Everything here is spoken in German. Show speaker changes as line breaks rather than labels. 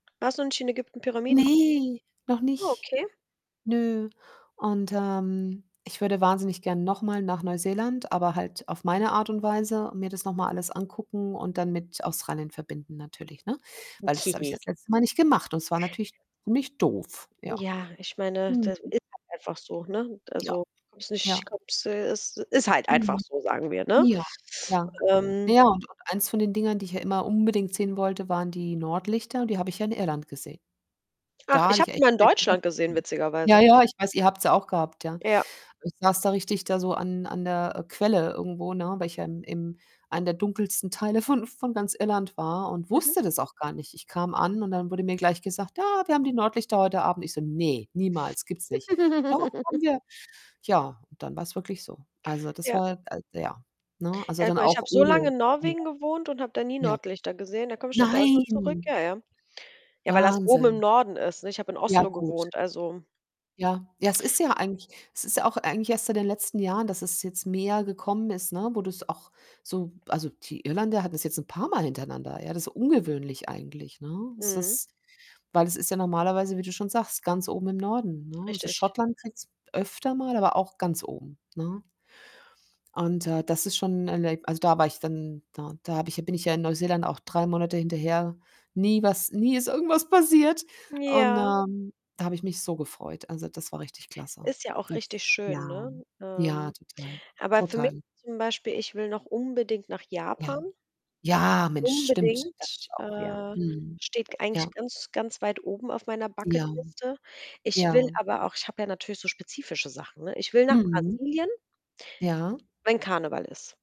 Warst du denn schon in Ägypten, Pyramiden gucken?
Ne, noch nicht.
Okay.
Nö und, ähm, ich würde wahnsinnig gern noch mal nach Neuseeland, aber halt auf meine Art und Weise, mir das noch mal alles angucken und dann mit Australien verbinden natürlich, ne? Weil, das habe ich
Okay.
ja das letzte Mal nicht gemacht und es war natürlich [unintelligible] doof, ja.
Ja, ich meine,
Mhm.
das ist halt einfach so, ne?
Ja,
Also, kommst nicht
ja.
[unintelligible] ist halt einfach
Mhm.
so, sagen wir, ne?
Ja, ja,
Ähm
naja und und eins von den Dingern, die ich ja immer unbedingt sehen wollte, waren die Nordlichter und die habe ich ja in Irland gesehen.
Ach,
Da
ich
hatte
habe
ich
die
echt.
mal in Deutschland gesehen
[unintelligible] Ja,
witzigerweise.
ja, ich weiß, ihr habt sie auch gehabt, ja.
Ja.
Ich saß da richtig da so an an der, äh, Quelle irgendwo, ne, weil ich ja im im einen der dunkelsten Teile von von ganz Irland war und
Mhm.
wusste das auch gar nicht. Ich kam an und dann wurde mir gleich gesagt: „Ja, wir haben die Nordlichter heute Abend.“ Ich so: „Ne, niemals, gibt's nicht.“ „Doch, haben wir.“ Ja, und dann war's wirklich so. Also, das
Ja.
war, äh, ja ne? Also,
Ja
dann
guck, ich
auch.
habe so lange in Norwegen
[unintelligible]
gewohnt und habe da nie
Ja.
Nordlichter gesehen. Da komme ich nach Deutschland zurück
Nein.
ja, ja. Ja, weil das oben im
Wahnsinn.
Norden ist, ne? Ich habe in
Ja,
Oslo
gut.
gewohnt, also
Ja, ja, es ist ja eigentlich es ist ja auch eigentlich erst seit den letzten Jahren, dass es jetzt mehr gekommen ist, ne, wo du's auch so also, die Irländer hatten's jetzt ein paarmal hintereinander, ja? Das ist ungewöhnlich eigentlich, ne? Es
Mhm.
ist weil es ist ja normalerweise, wie du schon sagst, ganz oben im Norden, ne? Also,
Richtig.
Schottland kriegt's öfter mal, aber auch ganz oben, ne? Und, äh, das ist schon 'n Erleb also, da war ich dann da da habe ich ja bin ich ja Neuseeland auch 3 Monate hinterher. Nie was nie ist irgendwas passiert und,
Ja.
ähm, da habe ich mich so gefreut. Also, das war richtig klasse.
Ist ja auch
Das
richtig
ja,
schön, ne?
ja,
Ähm,
total,
aber für mich,
total.
zum Beispiel ich will noch unbedingt nach
Ja.
Japan.
Ja, Mensch, stimmt, das ist
Unbedingt,
auch noch ja.
äh,
Mhm.
steht eigentlich
Ja.
ganz, ganz weit oben auf meiner
Ja.
Bucket-Liste. Ich will
Ja.
aber auch ich habe ja natürlich so spezifische Sachen, ne? Ich will nach
Mhm.
Brasilien
Ja.
wenn Karneval ist.